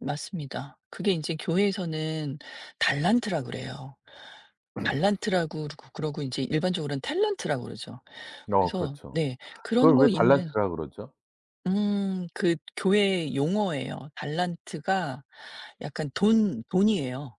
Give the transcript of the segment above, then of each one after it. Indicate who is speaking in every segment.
Speaker 1: 맞습니다. 그게 인제 교회에서는 달란트라 그래요. 달란트라고 그러고 그러고 인제 일반적으로는 탤런트라 그러죠.
Speaker 2: 어.
Speaker 1: 그래서
Speaker 2: 그렇죠.
Speaker 1: 네 그런
Speaker 2: 그걸
Speaker 1: 거
Speaker 2: 왜
Speaker 1: 있는
Speaker 2: 달란트라 그러죠?
Speaker 1: 음. 그 교회의 용어예요. 달란트가 약간 돈, 돈이에요.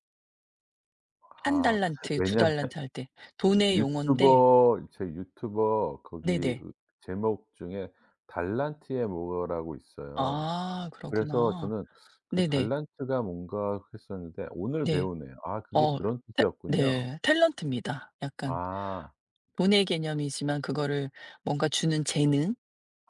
Speaker 1: 1
Speaker 2: 아.
Speaker 1: 달란트 2
Speaker 2: 왜냐하면
Speaker 1: 달란트 할 때. 돈의 용언데
Speaker 2: 유튜버 제 유튜버 거기
Speaker 1: 네네.
Speaker 2: 제목 중에 달란트의 뭐라고 있어요.
Speaker 1: 아.
Speaker 2: 그래서
Speaker 1: 그렇구나.
Speaker 2: 저는 그
Speaker 1: 네네.
Speaker 2: 달란트가 뭔가 했었는데 오늘
Speaker 1: 네.
Speaker 2: 배우네요. 아 그게
Speaker 1: 어.
Speaker 2: 그런
Speaker 1: 탤
Speaker 2: 뜻이었군요.
Speaker 1: 네 탤런트입니다. 약간
Speaker 2: 아.
Speaker 1: 돈의 개념이지만 그거를 뭔가 주는 재능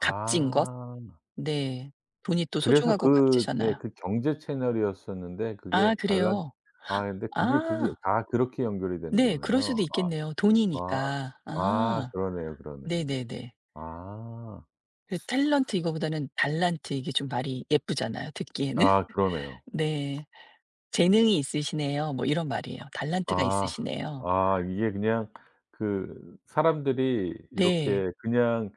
Speaker 1: 값진 것 네. 돈이 또
Speaker 2: 그래서
Speaker 1: 소중하고
Speaker 2: 그 네
Speaker 1: 값지잖아요.
Speaker 2: 그 경제 채널이었었는데
Speaker 1: 아.
Speaker 2: 그게 달란
Speaker 1: 그래요?
Speaker 2: 아이 근데 그게, 그게
Speaker 1: 아.
Speaker 2: 다 그렇게 연결이 되는
Speaker 1: 네. 그럴 수도
Speaker 2: 거네요.
Speaker 1: 있겠네요.
Speaker 2: 아.
Speaker 1: 돈이니까.
Speaker 2: 아. 아.
Speaker 1: 아.
Speaker 2: 그러네요, 그러네요.
Speaker 1: 네네네.
Speaker 2: 아.
Speaker 1: 그 탤런트 이거보다는 달란트 이게 좀 말이 예쁘잖아요, 듣기에는.
Speaker 2: 아. 그러네요.
Speaker 1: 네. "재능이 있으시네요." 뭐 이런 말이에요. "달란트가
Speaker 2: 아.
Speaker 1: 있으시네요."
Speaker 2: 아. 이게 그냥 그 사람들이
Speaker 1: 네.
Speaker 2: 이렇게 그냥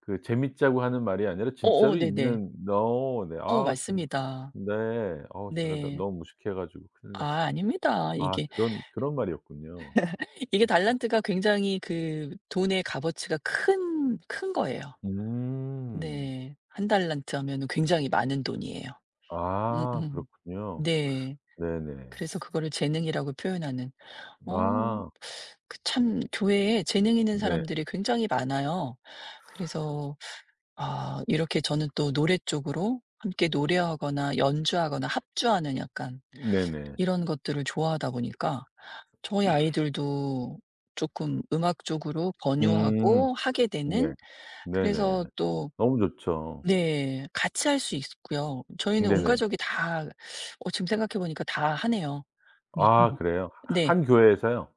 Speaker 2: 그 재밌자고 하는 말이 아니라
Speaker 1: 어어.
Speaker 2: 진짜로
Speaker 1: 네네.
Speaker 2: 있는 어우 네.
Speaker 1: 어.
Speaker 2: 아우 참
Speaker 1: 맞습니다.
Speaker 2: 네. 어 제가 너
Speaker 1: 네.
Speaker 2: 너무 무식해 가지고 큰일
Speaker 1: 아.
Speaker 2: 났습니다.
Speaker 1: 아닙니다.
Speaker 2: 아.
Speaker 1: 이게
Speaker 2: 그런, 그런 말이었군요.
Speaker 1: 이게 달란트가 굉장히 그 돈의 값어치가 큰 큰 거예요.
Speaker 2: 음.
Speaker 1: 네. 1 달란트 하면은 굉장히 많은 돈이에요.
Speaker 2: 아.
Speaker 1: 음음.
Speaker 2: 그렇군요.
Speaker 1: 네.
Speaker 2: 네네.
Speaker 1: 그래서 그거를 재능이라고 표현하는. 어.
Speaker 2: 아.
Speaker 1: 그 참 교회에 재능 있는
Speaker 2: 네.
Speaker 1: 사람들이 굉장히 많아요. 그래서 아 이렇게 저는 또 노래 쪽으로 함께 노래하거나 연주하거나 합주하는 약간
Speaker 2: 네네.
Speaker 1: 이런 것들을 좋아하다 보니까 저희 아이들도 쪼끔 음악 쪽으로
Speaker 2: 음.
Speaker 1: 권유하고 하게
Speaker 2: 네.
Speaker 1: 되는 그래서
Speaker 2: 네네.
Speaker 1: 또
Speaker 2: 너무 좋죠.
Speaker 1: 네 같이 할 수 있고요. 저희는 온
Speaker 2: 네네.
Speaker 1: 가족이 다 어 지금 생각해 보니까 다 하네요.
Speaker 2: 아.
Speaker 1: [unintelligible]
Speaker 2: 그래요?
Speaker 1: 네.
Speaker 2: 1 교회에서요?